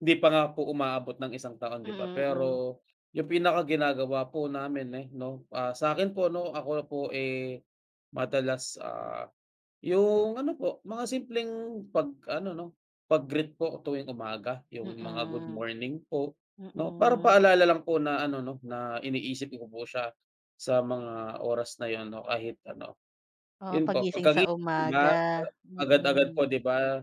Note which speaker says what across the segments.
Speaker 1: 'Di pa nga po umaabot ng isang taon, 'di ba?
Speaker 2: Mm, hmm.
Speaker 1: Pero 'yung pinakaginagawa po namin, eh, 'no, ah, sa akin po ano ako po, eh, madalas, ah, 'yung ano po mga simpleng 'pag ano, 'no, 'pag-greet po tuwing umaga, 'yung mga good
Speaker 2: Mm.
Speaker 1: morning, po, 'no? Para
Speaker 2: Mm.
Speaker 1: paalala lang po na ano, 'no, na iniisip ko po siya sa mga oras na 'yun, 'no? Kahit ano,
Speaker 2: Oo,
Speaker 1: 'yun po
Speaker 2: paggising sa
Speaker 1: pagkagising
Speaker 2: umaga.
Speaker 1: ba agad-agad po,
Speaker 2: Mm.
Speaker 1: 'di ba,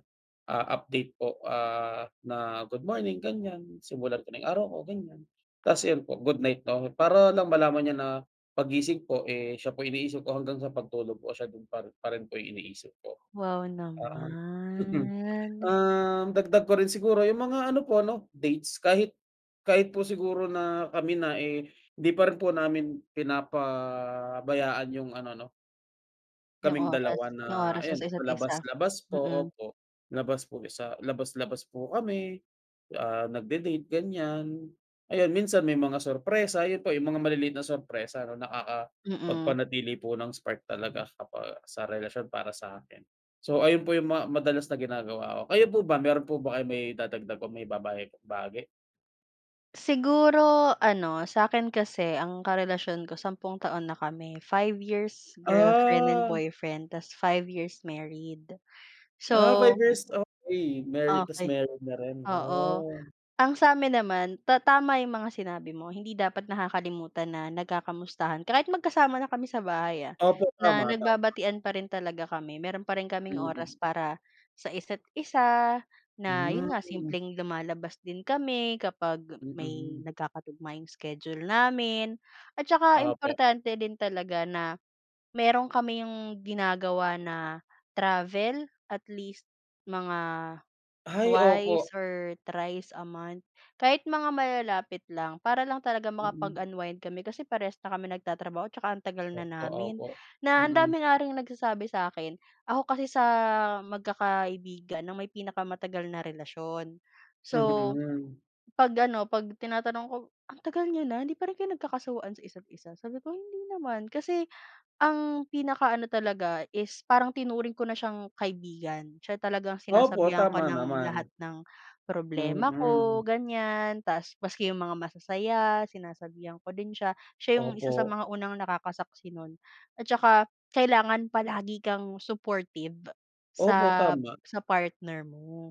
Speaker 1: ah, update po, ah, na "Good morning," ganyan, simulan ko ng araw ko, ganyan. Tas iyon po, good night na 'ko, para lang malaman niya na paggising po, eh, siya po yung iniisip ko hanggang sa pagtulog po siya din pa pa rin po iniisip ko.
Speaker 2: Wow
Speaker 1: Para ngang mhm.
Speaker 2: naman.
Speaker 1: Ah, dagdag ko rin siguro 'yung mga ano po 'no, dates kahit kahit po siguro na kami na, eh, hindi pa rin po namin pinapabayaan 'yung ano, 'no
Speaker 2: 'Yung
Speaker 1: kaming
Speaker 2: oras
Speaker 1: dalawa na
Speaker 2: 'yung oras nyo
Speaker 1: ayan,
Speaker 2: sa isa't-isa,
Speaker 1: labas-labas po.
Speaker 2: mm.
Speaker 1: Opo. Labas po sa labas-labas po kami, ah, nagde-date, ganyan. Ayun, minsan may mga surpresa, ayun po 'yung mga maliliit na surpresa, ano,
Speaker 2: Mm.
Speaker 1: nakaka-pagpanatili po ng spark talaga sa para sa relasyon para sa akin. So, ayun po 'yung ma madalas na ginagawa ko. Kayo po ba, meron po ba kayong maidadagdag o maibabae bahagi?
Speaker 2: Siguro ano, sa akin kasi ang karelasyon ko 10 taon na kami, 5 years girlfriend and
Speaker 1: Ah.
Speaker 2: boyfriend tas 5 years married.
Speaker 1: Ah 5
Speaker 2: So
Speaker 1: years, okey. Married tas
Speaker 2: Okey.
Speaker 1: married na rin.
Speaker 2: Oo.
Speaker 1: Ooh.
Speaker 2: Ang sa amin naman, ta tama 'yung mga sinabi mo, hindi dapat nakakalimutan na nagkakamustahan kahit magkasama na kami sa bahay, ah,
Speaker 1: Opo,
Speaker 2: na
Speaker 1: tama, tama.
Speaker 2: nagbabatian pa rin talaga kami. Meron pa rin kaming
Speaker 1: Mm.
Speaker 2: oras para sa isa't-isa, na 'yun nga
Speaker 1: Hmm.
Speaker 2: simpleng lumalabas din kami kapag may
Speaker 1: Mm.
Speaker 2: nagkakatugma 'yung schedule namin at saka
Speaker 1: Opo.
Speaker 2: importante din talaga na meron kami yung ginagawa na travel, at least mga
Speaker 1: Ay,
Speaker 2: twice
Speaker 1: opo.
Speaker 2: or thrice a month, kahit mga malalapit lang, para lang talaga
Speaker 1: Mm.
Speaker 2: makapag-unwind kami kasi parehas na kami nagtatrabaho tsaka ang tagal na
Speaker 1: Opo
Speaker 2: namin,
Speaker 1: opo,
Speaker 2: na ang
Speaker 1: mm.
Speaker 2: dami na ring nagsasabi sa akin ako kasi sa magkakaibigan na may pinakamatagal na relasyon. So,
Speaker 1: Mm.
Speaker 2: 'pag ano, 'pag-tinatanong ko, "Ang tagal niyo na, hindi pa rin kayo nagkakasawaan sa isa't-isa?" Sabi ko, "Hindi naman." Kasi ang pinakaano talaga is parang tinuring ko na siyang kaibigan, siya talagang
Speaker 1: Opo,
Speaker 2: sinasabihan ko
Speaker 1: tama
Speaker 2: ng
Speaker 1: naman.
Speaker 2: lahat ng problema ko,
Speaker 1: Mm.
Speaker 2: ganyan. Tas maski 'yung mga masasaya, sinasabihan ko din siya. Siya 'yung isa sa
Speaker 1: Opo.
Speaker 2: mga unang nakakasaksi nun at saka kailangan palagi kang supportive sa
Speaker 1: Opo, tama.
Speaker 2: sa partner mo.